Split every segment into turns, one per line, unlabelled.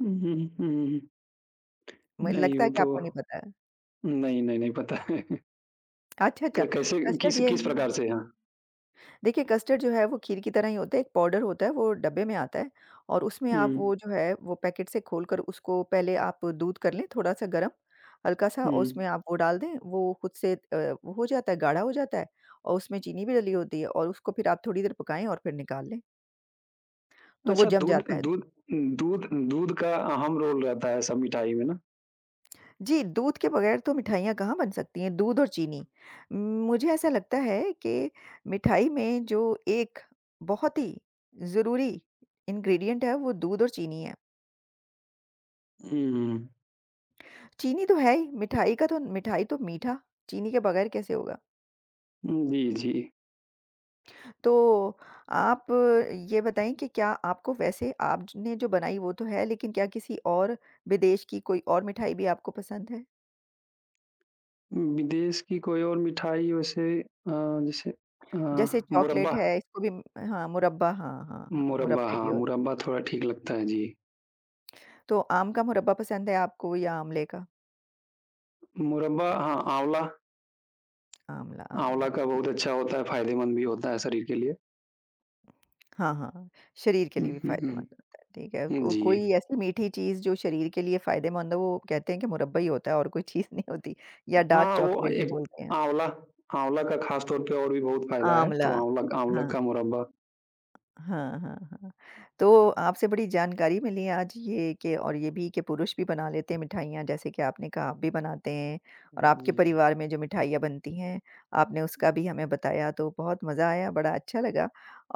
हुँ, हुँ, हुँ, हुँ, हुँ, हुँ।
मुझे
नहीं
लगता
वो
है कि
तो
आपको नहीं पता है।
नहीं, नहीं, नहीं पता है।
अच्छा, अच्छा।
क कैसे
कस्टर्ड
किस
ये
किस
है
प्रकार से? हाँ।
देखिए, कस्टर्ड जो है वो खीर की तरह ही होते, एक पाउडर होता है, वो डब्बे में आता है और उसमें आप
हुँ।
वो जो है वो पैकेट से खोलकर उसको पहले आप दूध कर लें थोड़ा सा गर्म, हल्का सा और
हुँ।
उसमें आप वो डाल दें, वो खुद से अ, वो हो जाता है, गाढ़ा हो जाता है और उसमें चीनी भी डली होती है और उसको फिर आप थोड़ी देर पकाएँ और फिर निकाल लें। तो वो
अच्छा
जम
दूध
जाता है।
दूध दूध दूध का अहम रोल रहता है सब मिठाई में ना?
जी, दूध के बगैर तो मिठाइयाँ कहाँ बन सकती हैं, दूध और चीनी। मुझे ऐसा लगता है कि मिठाई में जो एक बहुत ही ज़रूरी इन्ग्रेडिएंट है वो दूध और चीनी है।
हुँ।
चीनी तो है ही, मिठाई का तो मिठाई तो मीठा चीनी के बगैर कैसे होगा?
उम, जी, जी।
तो आप ये बताएँ कि क्या आपको वैसे आपने ज ने जो बनाई वो तो है, लेकिन क्या किसी और विदेश की कोई और मिठाई भी आपको पसंद है?
उम, विदेश की कोई और मिठाई वैसे अ, जैसे अ,
जैसे चॉकलेट
मुरब्बा।
है, इसको भी म हाँ, मुरब्बा हाँ, हाँ, हाँ,
मुरब्बा
मुरब्बे भी
हाँ,
होते हैं।
मुरब्बा थोड़ा ठीक लगता है, जी।
तो आम का मुरब्बा पसंद है आपको या आमले का?
मुरब्बा हाँ, आँवला
आँवला, आँवला,
आँवला का
ठीक
बहुत
है।
अच्छा होता है, फायदेमंद भी होता है शरीर के लिए।
हाँ, हाँ, हाँ। शरीर के
हुँ,
लिए भी
हुँ, हुँ।
फायदेमंद होता है। ठीक है,
हाँ
को
जी।
कोई ऐसी मीठी चीज़ जो शरीर के लिए फायदेमंद हो वो कहते हैं कि मुरब्बा ही होता है और कोई चीज़ नहीं होती या डार्क
हाँ, वो
चॉकलेट भी
एक
बोलते हैं।
आँवला, आँवला का खासतौर पे और भी बहुत फायदा है,
आँवला,
तो आँवला आँवला
हाँ।
का मुरब्बा।
हाँ, हाँ, हाँ। तो आपसे बड़ी जानकारी मिली आज ये कि और ये भी कि पुरुष भी बना लेते हैं मिठाइयाँ जैसे कि आपने कहा आप भी बनाते हैं और आपके
जी, जी।
परिवार में जो मिठाइयाँ बनती हैं, आपने उसका भी हमें बताया तो बहुत मज़ा आया। बड़ा अच्छा लगा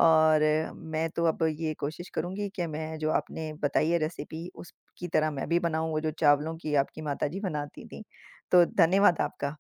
और मैं तो अब ये कोशिश करूँगी कि मैं जो आपने बताई है रेसिपी उसकी तरह मैं भी बनाऊँ। वो जो चावलों की आपकी माताजी बनाती थीं, तो धन्यवाद आपका।